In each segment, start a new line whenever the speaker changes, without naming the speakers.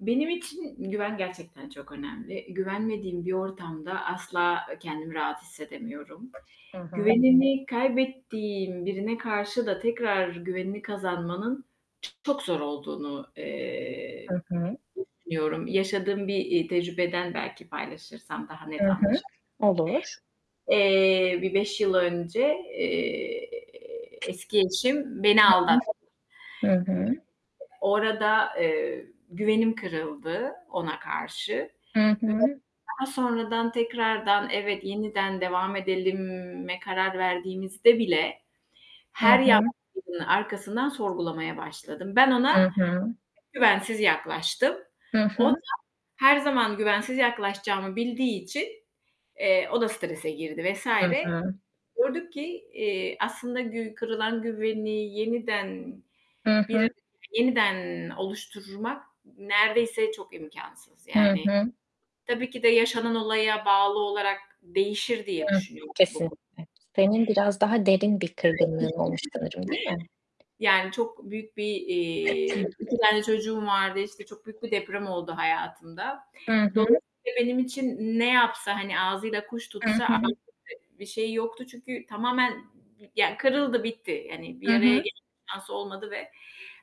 Benim için güven gerçekten çok önemli. Güvenmediğim bir ortamda asla, eee, kendimi rahat hissedemiyorum.
Hı hı.
Güvenimi kaybettiğim birine karşı da tekrar güvenimi kazanmanın çok zor olduğunu, eee,
Hı hı.
düşünüyorum. Yaşadığım bir, eee, tecrübeden belki paylaşırsam daha
I
net anlaşı
hı. Olur.
Eee, bir 5 yıl önce, eee, eski eşim beni
I hı.
aldattı.
Hı hı.
O arada, eee, güvenim kırıldı ona karşı
Hı
ve
hı.
daha sonradan, tekrardan evet, yeniden devam edelime karar verdiğimizde bile,
Hı
her
hı.
yaklaşımın arkasından sorgulamaya başladım. Ben ona
Hı hı.
güvensiz yaklaştım.
Hı
O da
hı.
her zaman güvensiz yaklaşacağımı bildiği için, eee, o da strese girdi vs.
Hı hı.
Gördük ki, eee, aslında gü kırılan güveni yeniden
Hı hı.
bir, yeniden oluşturmak neredeyse çok imkânsız,
Hı
yani,
hı.
tabii ki de yaşanan olaya bağlı olarak değişir diye
Hıı.
düşünüyorum bu konu.
Kesinlikle. Senin biraz daha derin bir kırgınlığın olmuş sanırım, değil mi?
[unintelligible] Yani, çok büyük, bir, eee, 2 tane çocuğum vardı, işte, çok büyük bir deprem oldu hayatımda.
Hı hı.
Dolayısıyla benim için ne yapsa, hani, ağzıyla kuş
Hı
tutsa [unintelligible]
hı.
bir şeyi yoktu çünkü tamamen, ya kırıldı bitti. Hani,
Hı
bir araya
hı.
ge şansı olmadı ve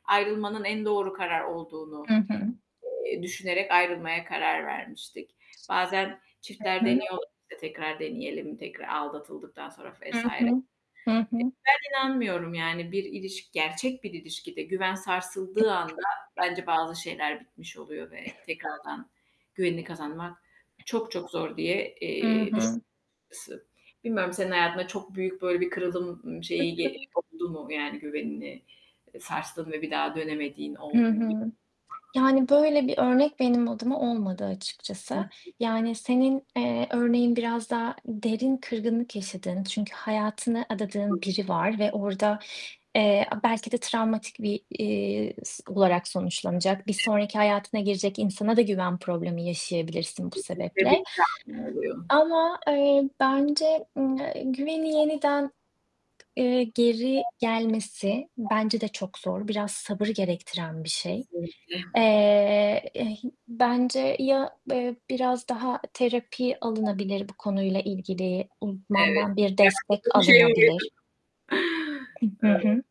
ayrılmanın en doğru karar olduğunu,
Hı hı.
eee, düşünerek ayrılmaya karar vermiştik. Bazen çiftler
Hı hı.
deniyorlar, işte, tekrar deneyelim tekrar aldatıldıktan sonra
Hı
vs.
hı. Hı hı.
Ben inanmıyorum, yani, bir ilişki, gerçek bir ilişkide güven sarsıldığı anda bence bazı şeyler bitmiş oluyor ve tekrardan güvenini kazanmak çok çok zor diye,
Hı
eee, düş
hı.
ısı Bilmiyorum, senin hayatında çok büyük, böyle, bir kırıldım, ımm,
Hı
şeyi ge
hı.
oldu mu, yani, güvenini, eee, sarstın ve bir daha dönemediğin
Hı
oldu mu bil
hı.
[unintelligible]
Yani, böyle bir örnek benim adıma olmadı
Hı
açıkçası.
hı.
Yani, senin, eee, örneğin biraz daha derin kırgınlık yaşadığın çünkü hayatını adadığın
[unintelligible]
biri var ve orada, eee, a belki de travmatik, bir, eee, s olarak sonuçlanacak, bir sonraki hayatına girecek insana da güven problemi yaşayabilirsin bu
Kesinlikle
sebeple.
bir travma oluyor.
Ama, eee, bence, ımm, eee, güveni yeniden, eee, geri gelmesi bence de çok zor. Biraz sabır gerektiren bir şey.
Kesinlikle.
Eee, ih bence ya, eee, biraz daha terapi alınabilir bu konuyla ilgili
Evet.
uzmandan bir destek
Yaşadığım şeye
alınabilir.
geri
Iıı. Hı hı.